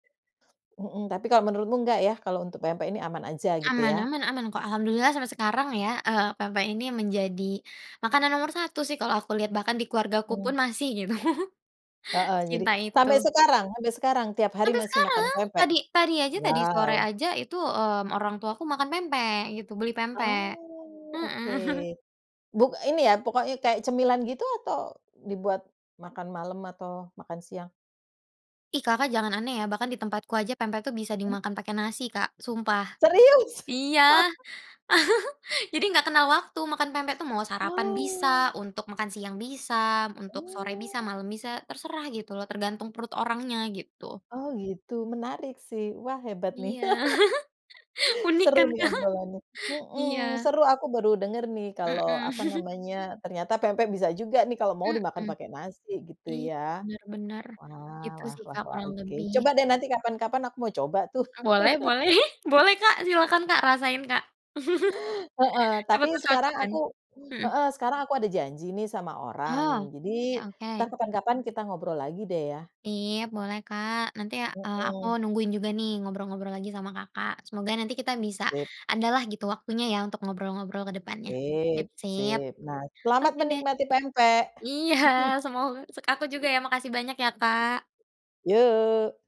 Mhm, tapi kalau menurutmu nggak ya kalau untuk pempek ini aman aja gitu Aman ya? aman aman kok alhamdulillah sampai sekarang ya, eee, pempek ini menjadi, makanan nomor 1 sih kalau aku lihat bahkan di keluargaku pun Mhm. masih gitu, Heeh, jadi secinta sampai itu. sekarang sampai sekarang tiap hari Sampe masih makan sekarang pempek? tadi tadi aja tadi sore Wow. aja itu, mmm, orang tuaku makan pempek gitu beli Ah, pempek, mhm. oke, buk ini ya pokoknya kayak cemilan gitu atau dibuat, makan malam atau makan siang? Ih, Kakak jangan aneh ya bahkan di tempatku aja pempek tuh bisa Mmm. dimakan pakai nasi Kak sumpah, Serius? iya, jadi nggak kenal waktu makan pempek tuh mau sarapan Oh. bisa, untuk makan siang bisa, untuk sore bisa, Oh. malam bisa terserah gitu loh tergantung perut orangnya gitu. Oh, gitu, menarik sih, wah, hebat nih. Iya, unik Seru kan nih Kak? obrolannya, Iya. mhm, seru aku baru denger nih kalo Mhm. apa namanya ternyata pempek bisa juga nih kalo mau dimakan Mhm, pake nasi gitu i ya. bener bener, Wah gitu wah sih wah Kak wah, kurang oke, lebih. coba deh nanti kapan-kapan aku mau coba tuh. A boleh boleh, boleh Kak silahkan Kak rasain Kak, Heeh, siapa tapi tau sekarang cocok kan? aku Mhm. heeh, sekarang aku ada janji nih sama Oh, orang jadi, ya, entar oke. kapan-kapan kita ngobrol lagi deh ya. Iya, boleh, Kak, nanti, eee, aku Mhm. nungguin juga nih ngobrol-ngobrol lagi sama Kakak. Semoga nanti kita bisa, Sip. adalah gitu waktunya ya untuk ngobrol-ngobrol ke depannya. Sip Sip sip, sip, nah, selamat oke deh. menikmati pempek. Iya, semoga sek aku juga ya makasih banyak ya Kak. Yo.